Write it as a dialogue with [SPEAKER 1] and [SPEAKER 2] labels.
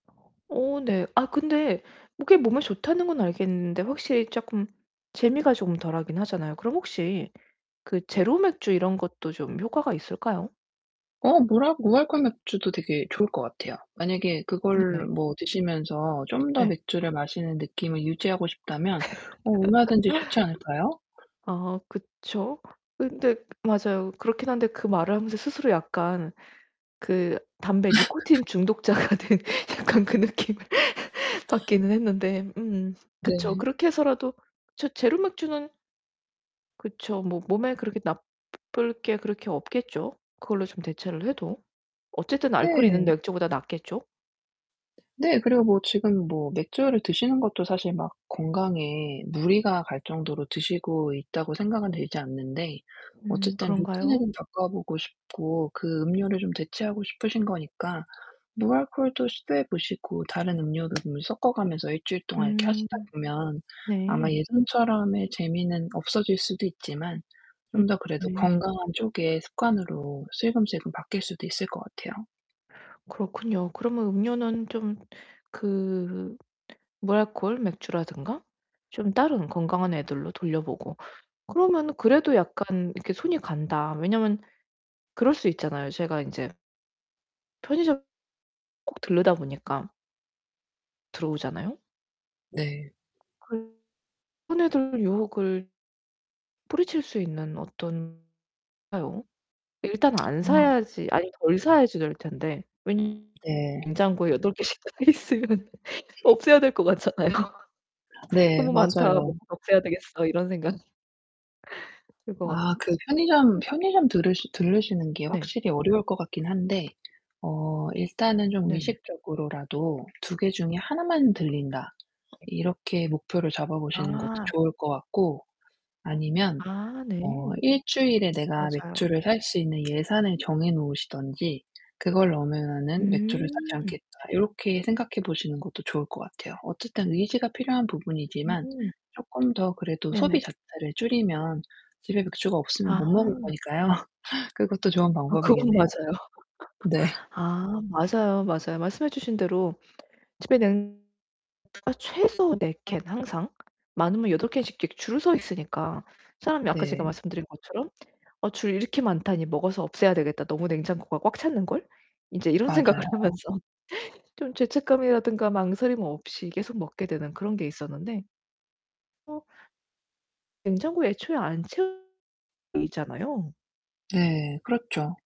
[SPEAKER 1] 어 네. 아 근데 [unintelligible] 몸에 좋다는 건 알겠는데 확실히 쪼끔 재미가 좀 덜하긴 하잖아요. 그럼 혹시 그 제로 맥주 이런 것도 좀 효과가 있을까요?
[SPEAKER 2] 어 무랄 무알콜 맥주도 되게 좋을 것 같아요. 만약에 그걸
[SPEAKER 1] 네네.
[SPEAKER 2] 뭐 드시면서 좀 더
[SPEAKER 1] 네.
[SPEAKER 2] 맥주를 마시는 느낌을 유지하고 싶다면 어 얼마든지 좋지 않을까요?
[SPEAKER 1] 아 그쵸. 근데 맞아요. 그렇긴 한데 그 말을 하면서 스스로 약간 그 담배 니코틴 중독자가 된 약간 그 느낌을 받기는 했는데 음 그쵸.
[SPEAKER 2] 네.
[SPEAKER 1] 그렇게 해서라도 제 제로 맥주는 그쵸. 뭐 몸에 그렇게 나쁠 게 그렇게 없겠죠. 그걸로 좀 대체를 해도. 어쨌든 알코올이 있는
[SPEAKER 2] 네.
[SPEAKER 1] 맥주보다 낫겠죠?
[SPEAKER 2] 네. 그리고 뭐 지금 뭐 맥주를 드시는 것도 사실 막 건강에 무리가 갈 정도로 드시고 있다고 생각은 들지 않는데
[SPEAKER 1] 음
[SPEAKER 2] 어쨌든
[SPEAKER 1] 그런가요?
[SPEAKER 2] 루틴은 바꿔보고 싶고 그 음료를 좀 대체하고 싶으신 거니까 무알콜도 시도해 보시고 다른 음료를 좀 섞어가면서 1 주일 동안 이렇게
[SPEAKER 1] 음.
[SPEAKER 2] 하시다 보면 아마
[SPEAKER 1] 네.
[SPEAKER 2] 예전처럼의 재미는 없어질 수도 있지만
[SPEAKER 1] 음
[SPEAKER 2] 좀 더 그래도
[SPEAKER 1] 네.
[SPEAKER 2] 건강한 쪽의 습관으로 슬금슬금 바뀔 수도 있을 것 같아요.
[SPEAKER 1] 그렇군요. 그러면 음료는 좀 그 무알콜 맥주라든가 좀 다른 건강한 애들로 돌려보고 그러면 그래도 약간 이렇게 손이 간다. 왜냐면 그럴 수 있잖아요. 제가 인제 편의점 꼭 들르다 보니까. 들어오잖아요?
[SPEAKER 2] 네.
[SPEAKER 1] 그 손에 들 유혹을 뿌리칠 수 있는 어떤 [unintelligible] 일단 안
[SPEAKER 2] 아.
[SPEAKER 1] 사야지 아니 덜 사야지 될 텐데. 왜 [unintelligible]
[SPEAKER 2] 네.
[SPEAKER 1] 냉장고에 8 개씩 들어가 있으면 없애야 될 것 같잖아요.
[SPEAKER 2] 네,
[SPEAKER 1] '너무 많다
[SPEAKER 2] 맞아요.
[SPEAKER 1] 먹어 없애야 되겠어.' 이런 생각. 들 거 같
[SPEAKER 2] 아 그 편의점
[SPEAKER 1] [unintelligible]
[SPEAKER 2] 편의점 들으 들르시는 게
[SPEAKER 1] 네.
[SPEAKER 2] 확실히 어려울 것 같긴 한데 어 일단은 좀
[SPEAKER 1] 네네.
[SPEAKER 2] 의식적으로라도 '2 개 중에 하나만 들린다.' 이렇게 목표를 잡아보시는 것도
[SPEAKER 1] 아.
[SPEAKER 2] 좋을 것 같고 아니면
[SPEAKER 1] 아 네.
[SPEAKER 2] 어 1 주일에 내가
[SPEAKER 1] 맞아요.
[SPEAKER 2] 맥주를 살 수 있는 예산을 정해 놓으시든지 그걸 넘으면은 맥주를 사지
[SPEAKER 1] 음.
[SPEAKER 2] 않겠다. 요렇게 생각해 보시는 것도 좋을 것 같아요. 어쨌든 의지가 필요한 부분이지만
[SPEAKER 1] [unintelligible]
[SPEAKER 2] 쪼끔 더 그래도 소비
[SPEAKER 1] 네네.
[SPEAKER 2] 자체를 줄이면 집에 맥주가 없으면
[SPEAKER 1] 아.
[SPEAKER 2] 못 먹을 거니까요. 그것도 좋은
[SPEAKER 1] 아 그건
[SPEAKER 2] 방법이겠네요.
[SPEAKER 1] 맞아요.
[SPEAKER 2] 네.
[SPEAKER 1] 아 맞아요. 맞아요. 말씀해 주신 대로 집에 냉 [unintelligible] 맥주가 최소 4 캔 항상 많으면 8 캔씩 이렇게 줄을 서 있으니까 사람이 아까 제가
[SPEAKER 2] 네.
[SPEAKER 1] 말씀드린 것처럼 '어 줄 이렇게 많다니 먹어서 없애야 되겠다. 너무 냉장고가 꽉 찼는걸.' 인제 이런 생각을
[SPEAKER 2] 맞아요.
[SPEAKER 1] 하면서 좀 죄책감이라든가 망설임 없이 계속 먹게 되는 그런 게 있었는데 어 냉장고에 애초에 안 채우 있잖아요.
[SPEAKER 2] 네, 그렇죠.